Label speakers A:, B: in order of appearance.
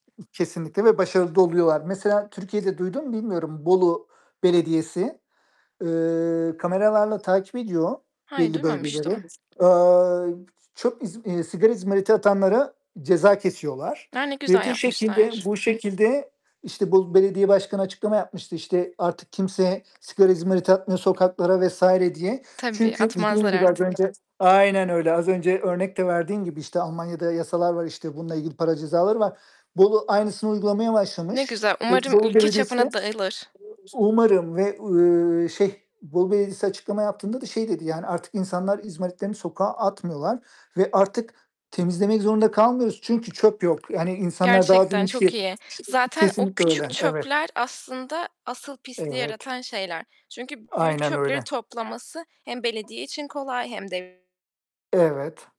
A: Kesinlikle ve başarılı da oluyorlar. Mesela Türkiye'de duydun mu bilmiyorum. Bolu Belediyesi, eee, kameralarla takip ediyor
B: Hayır,
A: belli bölgeleri.
B: duymamıştım.
A: Eee, çok, iz iii, sigara izmariti atanlara ceza kesiyorlar
B: A! Ne
A: ve
B: güzel
A: bu şekilde
B: yapmışlar.
A: bu şekilde, işte, Bolu Belediye Başkanı açıklama yapmıştı, işte, artık kimse sigara izmariti atmıyor sokaklara vs. diye.
B: Tabii,
A: Çünkü dediğin
B: atmazlar
A: gibi, az
B: artık.
A: önce Aynen öyle, az önce örnek de verdiğin gibi, işte, Almanya'da yasalar var, işte, bununla ilgili para cezaları var. Bolu aynısını uygulamaya
B: Ne
A: başlamış.
B: güzel,
A: Eee,
B: umarım
A: Bolu
B: ülke
A: Belediyesi de
B: çapına dağılır.
A: umarım ve, uuu, şey Bolu Belediyesi açıklama yaptığında da şey dedi, yani, "Artık insanlar izmaritlerini sokağa atmıyorlar ve artık temizlemek zorunda kalmıyoruz, çünkü çöp yok." Yani insanlar daha
B: Gerçekten
A: büyük bir
B: çok
A: şey
B: iyi. Zaten o
A: Kesinlikle
B: küçük
A: öyle. Evet.
B: çöpler aslında asıl pisliği
A: Evet.
B: yaratan şeyler. Çünkü b büyük
A: Aynen
B: çöpleri
A: öyle.
B: toplaması hem belediye için kolay hem de
A: Evet.